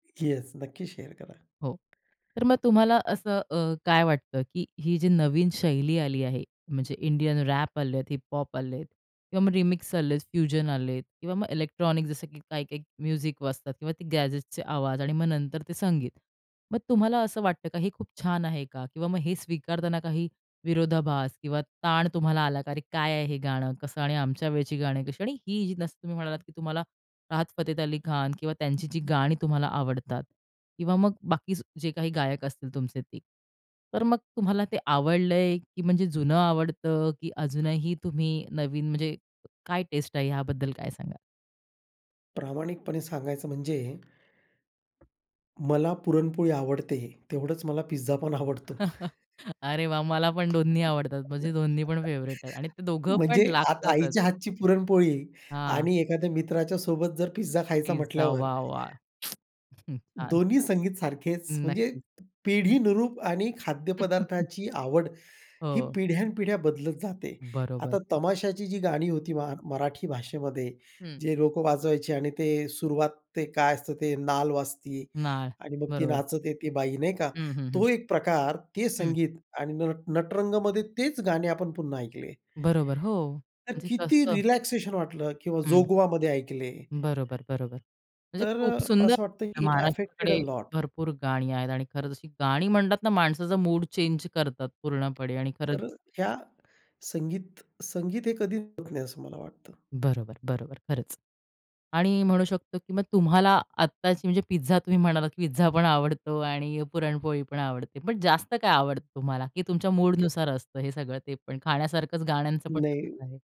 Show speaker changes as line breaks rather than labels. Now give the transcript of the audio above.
Yes, नक्की share करा.
हो, तर मग तुम्हाला असं अ, काय वाटतं, की ही जी नवीन शैली आली आहे, म्हणजे इंडियन रॅप आलेत, हिप-हॉप आलेत किंवा मग रिमिक्स आलेत, फ्युजन आलेत किंवा मग इलेक्ट्रॉनिक, जसं की काही-काही म्युझिक वाजतात किंवा ते गॅजेट्सचे आवाज आणि मग नंतर ते संगीत. मग तुम्हाला असं वाटतं का, हे खूप छान आहे का किंवा मग हे स्वीकारताना काही विरोधाभास किंवा ताण तुम्हाला आला का? "अरे काय आहे हे गाणं, कसं आणि आमच्या वेळची गाणी कशी" आणि ही जसं तुम्ही म्हणालात, की तुम्हाला राहत फतेत अली खान किंवा त्यांची जी गाणी तुम्हाला आवडतात किंवा मग बाकी जे काही गायक असतील तुमचे ते. तर मग तुम्हाला ते आवडलंय, की म्हणजे जुनं आवडतं, की अजूनही तुम्ही नवीन म्हणजे काय टेस्ट आहे, याबद्दल काय सांगाल?
प्रामाणिकपणे सांगायचं म्हणजे, मला पुरणपोळी आवडते तेवढंच मला पिझ्झा पण आवडतो.
अरे वाह! मला पण दोन्ही आवडतात, माझे दोन्ही पण फेव्हरेट आहेत आणि ते दोघं
म्हणजे
पण
आता
लागतातच.
आईच्या हातची पुरणपोळी
हां.
आणि एखाद्या मित्राच्या सोबत जर पिझ्झा खायचा
पिझ्झा,
म्हटल्यावर
वाह! वाह! हं, छान.
दोन्ही संगीत सारखेच, म्हणजे
नक्की.
पिढीनुरूप आणि खाद्यपदार्थाची आवड, ही
हो.
पिढ्यानपिढ्या बदलत जाते.
बरोबर.
आता तमाशाची जी गाणी होती, मा मराठी भाषेमध्ये,
हं.
जे लोकं वाजवायचे आणि ते सुरुवात, ते काय असतं ते, नाल वाजती
नाळ.
आणि मग ती
बरोबर.
नाचते ती बाई नाही का,
हं, हं, हं.
तो एक प्रकार, ते
हं.
संगीत आणि नट नटरंगमध्ये तेच गाणे आपण पुन्हा ऐकले.
बरोबर, हो,
तर
म्हणजे
किती
कसं?
रिलॅक्सेशन वाटलं किंवा
हं.
जोगवामध्ये ऐकले.
बरोबर, बरोबर. म्हणजे
तर
खूप
अ,
सुंदर
असं वाटतं,
आपल्या
की इट ॲफेक्टेड
महाराष्ट्राकडे
अलॉट.
भरपूर गाणी आहेत आणि खरंच अशी गाणी म्हणतात ना माणसाचा मूड चेन्ज करतात पूर्णपणे आणि खरंच
तर ह्या संगीत संगीत हे कधी [unintelligible] नाही असं मला वाटतं.
बरोबर, बरोबर, खरंच. आणि म्हणू शकतो की मग तुम्हाला आत्ताची, म्हणजे पिझ्झा तुम्ही म्हणालात, की पिझ्झा पण आवडतो आणि पुरणपोळी पण आवडते, पण जास्त काय आवडतं तुम्हाला? की तुमच्या मूडनुसार असतं हे सगळं ते पण, खाण्यासारखच गाण्यांचं पण तसंच
नाही.
आहे.